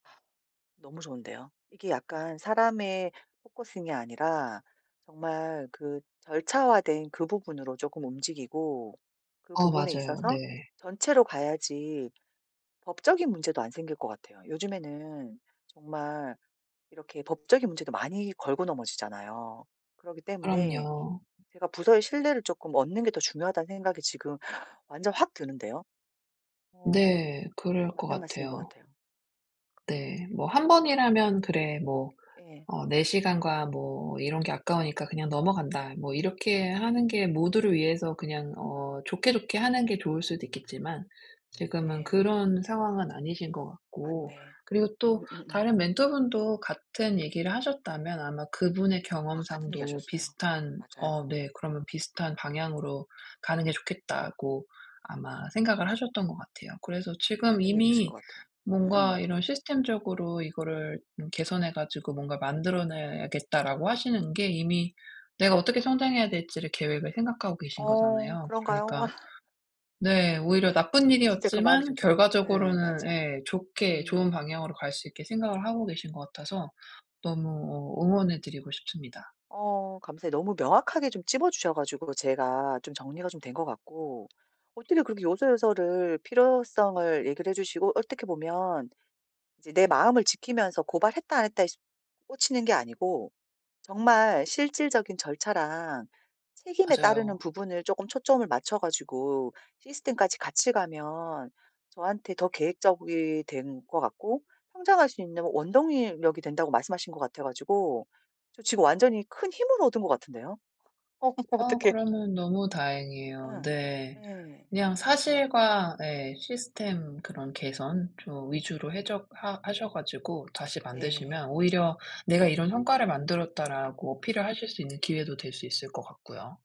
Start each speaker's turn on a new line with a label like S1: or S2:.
S1: 너무 좋은데요. 이게 약간 사람에 포커싱이 아니라 정말 그 절차화된 그 부분으로 조금 움직이고 그
S2: 아
S1: 부분에
S2: 맞아요.
S1: 있어서
S2: 네.
S1: 전체로 봐야지 법적인 문제도 안 생길 것 같아요. 요즘에는 정말 이렇게 법적인 문제도 많이 걸고 넘어지잖아요. 그러기 때문에
S2: 그럼요.
S1: 제가 부서의 신뢰를 조금 얻는 게 더 중요하다는 생각이 지금 완전 확 드는데요. 어
S2: 네. 그럴 것
S1: 맞는 말씀인 것
S2: 같아요.
S1: 같아요.
S2: 네. 뭐 1 번이라면 '그래 뭐
S1: 예.
S2: 어 내 시간과 뭐 이런 게 아까우니까 그냥 넘어간다.' 뭐 이렇게 하는 게 모두를 위해서 그냥 어 좋게 좋게 하는 게 좋을 수도 있겠지만 지금은
S1: 네.
S2: 그런 상황은 아니신 것 같고
S1: 맞네.
S2: 그리고 또
S1: 음음음.
S2: 다른 멘토 분도 같은 얘기를 하셨다면 아마 그분의
S1: 와 같은 얘기
S2: 경험상도
S1: 하셨어요.
S2: 비슷한
S1: 맞아요.
S2: 어, 네. 그러면 비슷한 방향으로 가는 게 좋겠다고 아마 생각을 하셨던 것 같아요. 그래서 지금
S1: 맞는 얘기이신
S2: 이미
S1: 것 같아요. 예.
S2: "뭔가
S1: 응.
S2: 이런 시스템적으로 이거를 음 개선해 가지고 뭔가 만들어내야겠다."라고 하시는 게 이미 내가 어떻게 성장해야 될지를 계획을 생각하고 계신
S1: 어
S2: 거잖아요.
S1: 그런가요?
S2: 그러니까 네. 오히려 나쁜
S1: 진짜 그 마음이
S2: 일이었지만
S1: 좀 들어요. 예.
S2: 결과적으로는
S1: 맞아요.
S2: 예. 좋게 좋은
S1: 음.
S2: 방향으로 갈 수 있게 생각을 하고 계신 것 같아서 너무 어 응원해 드리고 싶습니다.
S1: 어 감사해요. 너무 명확하게 좀 짚어주셔 가지고 제가 좀 정리가 좀 된 것 같고. 어떻게 그렇게 요소요소를 필요성을 얘기를 해주시고 어떻게 보면 이제 내 마음을 지키면서 고발했다 안 했다에 씁 꽂히는 게 아니고 정말 실질적인 절차랑 책임에 따르는
S2: 맞아요.
S1: 부분을 쪼끔 초점을 맞춰 가지고 시스템까지 같이 가면 저한테 더 계획적이 된 것 같고 성장할 수 있는 원동이 력이 된다고 말씀하신 것 같아 가지고 저 지금 완전히 큰 힘을 얻은 것 같은데요. 어머
S2: 어
S1: 어떡해.
S2: 그러면 너무 다행이에요.
S1: 예.
S2: 네.
S1: 예.
S2: 그냥 사실과 예. 시스템 그런 개선 좀 위주로 해적 하 하셔 가지고 다시
S1: 네.
S2: 만드시면 오히려 "내가 이런 성과를 만들었다."라고 어필을 하실 수 있는 기회도 될 수 있을 것 같고요.